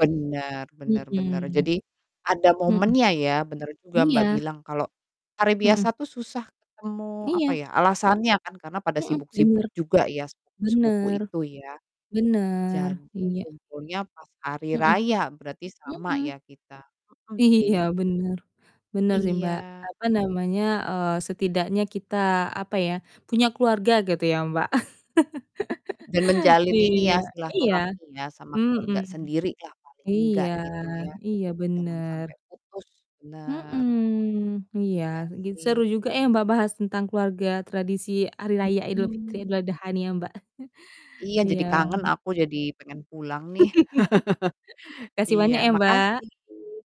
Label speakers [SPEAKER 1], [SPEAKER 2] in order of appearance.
[SPEAKER 1] Bener bener bener.
[SPEAKER 2] Mhm.
[SPEAKER 1] Jadi, ada
[SPEAKER 2] Mhm.
[SPEAKER 1] momennya ya, bener juga Mbak
[SPEAKER 2] Iya.
[SPEAKER 1] bilang, kalau hari
[SPEAKER 2] Mhm.
[SPEAKER 1] biasa tuh susah ketemu, apa
[SPEAKER 2] Iya.
[SPEAKER 1] ya, alasannya kan karena pada
[SPEAKER 2] Mhm, bener.
[SPEAKER 1] sibuk-sibuk juga ya, sepupu-sepupu
[SPEAKER 2] Bener.
[SPEAKER 1] itu ya.
[SPEAKER 2] Bener,
[SPEAKER 1] Jadi,
[SPEAKER 2] iya.
[SPEAKER 1] kumpulnya pas hari
[SPEAKER 2] Mhm.
[SPEAKER 1] raya, berarti sama
[SPEAKER 2] Mhm.
[SPEAKER 1] ya kita, mhm,
[SPEAKER 2] Iya,
[SPEAKER 1] sih.
[SPEAKER 2] bener. Bener sih Mbak,
[SPEAKER 1] Iya.
[SPEAKER 2] apa namanya, eee, setidaknya kita, apa ya, punya keluarga, gitu ya Mbak.
[SPEAKER 1] Dan menjalin ini
[SPEAKER 2] Iya,
[SPEAKER 1] ya,
[SPEAKER 2] iya.
[SPEAKER 1] silaturahmi ya, sama
[SPEAKER 2] Mhm.
[SPEAKER 1] keluarga sendiri lah paling engga
[SPEAKER 2] Iya
[SPEAKER 1] gitu ya,
[SPEAKER 2] iya,
[SPEAKER 1] jangan
[SPEAKER 2] bener.
[SPEAKER 1] sampai putus. Bener.
[SPEAKER 2] Mhm, iya,
[SPEAKER 1] Iya
[SPEAKER 2] gi
[SPEAKER 1] sih.
[SPEAKER 2] seru juga ya Mbak, bahas tentang keluarga, tradisi Hari Raya Idul Fitri,
[SPEAKER 1] Mhm.
[SPEAKER 2] Idul Adha nih ya Mbak.
[SPEAKER 1] Iya,
[SPEAKER 2] Iya.
[SPEAKER 1] jadi kangen aku, jadi pengen pulang nih.
[SPEAKER 2] Makasih
[SPEAKER 1] Iya,
[SPEAKER 2] banyak ya, Mbak.
[SPEAKER 1] makasih.